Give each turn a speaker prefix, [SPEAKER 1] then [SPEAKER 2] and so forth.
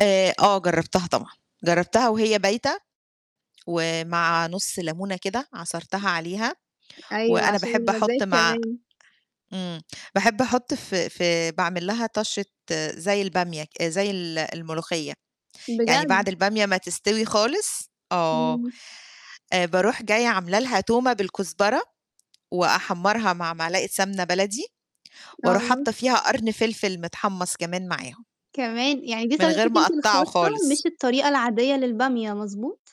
[SPEAKER 1] آآ آه جرّبتها طبعًا، جرّبتها وهي بايتة، ومع نُص لمونة كده عصرتها عليها
[SPEAKER 2] أيوه،
[SPEAKER 1] وأنا
[SPEAKER 2] عشان
[SPEAKER 1] باحب
[SPEAKER 2] المزاج
[SPEAKER 1] أحُط مع
[SPEAKER 2] كمان.
[SPEAKER 1] إمم. باحب أحُط في في باعمل لها طَشّة زي البامية ك زي ال الملوخية. يعني
[SPEAKER 2] بجد؟
[SPEAKER 1] بعد البامية ما تستوي خالص آه.
[SPEAKER 2] إمم.
[SPEAKER 1] آآ باروح جاية عامل لها تومة بالكزبرة وأحمَّرها مع معلقة سمنة بلدي وأروح
[SPEAKER 2] آه
[SPEAKER 1] حاطّة فيها قرن فلفِل متحمَّص كمان معاهم.
[SPEAKER 2] كمان؟ يعني دي
[SPEAKER 1] من غير
[SPEAKER 2] طريقتِك
[SPEAKER 1] ما
[SPEAKER 2] أنتِ
[SPEAKER 1] أقطَّعه
[SPEAKER 2] الخاصة
[SPEAKER 1] خالص.
[SPEAKER 2] مش الطريقة العادية للبامية مضبوط؟